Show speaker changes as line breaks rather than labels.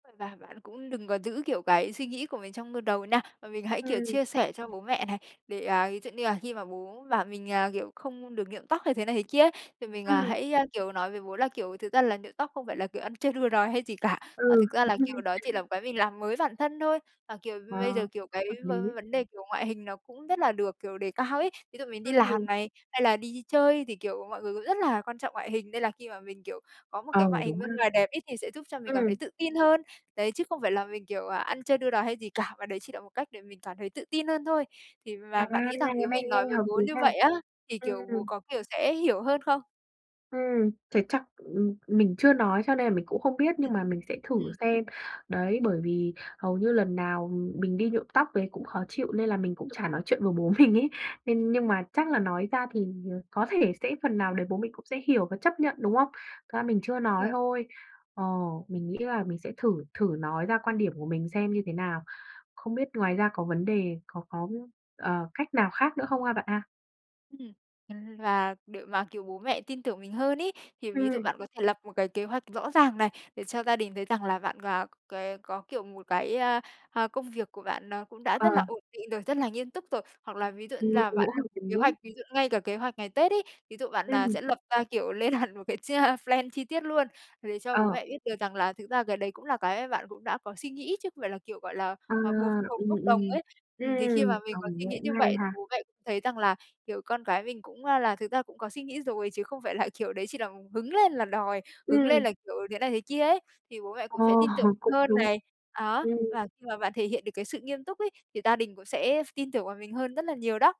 Và bạn cũng đừng có giữ, kiểu, cái suy nghĩ của mình trong, ơ, đầu nha, mà mình hãy, kiểu,
Ừm.
chia sẻ cho bố mẹ này, để, à, ví dụ như là khi mà bố bảo mình, à, kiểu không được nhuộm tóc hay thế này thế kia, thì mình
Ừm.
hãy, ơ, kiểu, nói với bố là, kiểu, thực ra là nhuộm tóc không phải là, kiểu, ăn chơi đua đòi hay gì cả, mà
Ừ,
thực ra
cũng
là,
hay.
kiểu, đó chỉ là một cái mình làm mới bản thân thôi, mà, kiểu, bây giờ,
Wow,
kiểu, cái
hợp
v
lý.
vấn đề, kiểu, ngoại hình nó cũng rất là được, kiểu, đề cao ấy. Ví dụ mình
Ư
đi
hừm.
làm này, hay là đi chơi thì, kiểu, mọi người cũng rất là quan trọng ngoại hình nên là khi mà mình, kiểu, có một cái
Ờ,
ngoại hình
đúng ha.
bên ngoài đẹp ấy, thì sẽ giúp cho mình cảm thấy
Ừm.
tự tin hơn. Đấy, chứ không phải là mình, kiểu, à, ăn chơi đua đòi hay gì cả mà đấy, chỉ là một cách để mình cảm thấy tự tin hơn thôi. Thì
À,
mà bạn nghĩ rằng
cái
nếu
này
mình nói
nhanh
với
hợp lý
bố như
nha.
vậy á, thì
Ừm,
kiểu bố
ừm.
có, kiểu, sẽ hiểu hơn không?
Ừm, thế chắc, ưm, mình chưa nói cho nên là mình cũng không biết,
Ừm,
nhưng mà mình sẽ thử
ừm.
xem. Đấy, bởi vì hầu như lần nào mình đi nhuộm tóc về cũng khó chịu nên là mình cũng chả nói chuyện với bố mình ấy nên nhưng mà chắc là nói ra thì có thể sẽ phần nào đấy bố mình cũng sẽ hiểu và chấp nhận, đúng không? Thực ra mình chưa nói
Rồi.
thôi. Ờ, mình nghĩ là mình sẽ thử thử nói ra quan điểm của mình xem như thế nào. Không biết ngoài ra có vấn đề có có, ờ, cách nào khác nữa không ha bạn ha?
Ừm, và để mà, kiểu, bố mẹ tin tưởng mình hơn ấy, thì ví dụ
Ừm.
bạn có thể lập một cái kế hoạch rõ ràng này để cho gia đình thấy rằng là bạn, à, cái có, kiểu, một cái, a, a, công việc của bạn nó cũng đã
Ờ.
rất là ổn định rồi, rất là nghiêm túc rồi. Hoặc là ví dụ như là bạn lập kế hoạch,
[unintelligible]
ví dụ ngay cả kế hoạch ngày Tết ấy, ví dụ, à, bạn
Ừm.
sẽ lập ra, kiểu, lên hẳn một cái chi plan chi tiết luôn về cho bố
Ờ.
mẹ biết được rằng là thực ra cái đấy cũng là cái bạn cũng đã có suy nghĩ chứ không phải là, kiểu, gọi là,
À,
bột bột
ừm,
bốc đồng
ừm,
ấy. Ừm, thì khi
ừm,
mà
[unintelligible]
mình có suy nghĩ
cũng
như
hay
vậy thì
ha.
bố mẹ cũng thấy rằng là, kiểu, con cái mình cũng là thực ra cũng có suy nghĩ rồi chứ không phải là, kiểu, đấy chỉ là hứng lên là đòi, hứng lên
Ừm.
là, kiểu, thế này thế kia ấy, thì bố mẹ
Ờ,
cũng sẽ tin tưởng
cũng
hơn
đúng.
này. Đó,
Ừm.
và khi mà bạn thể hiện được cái sự nghiêm túc ấy thì gia đình cũng sẽ ph tin tưởng vào mình hơn rất là nhiều đó.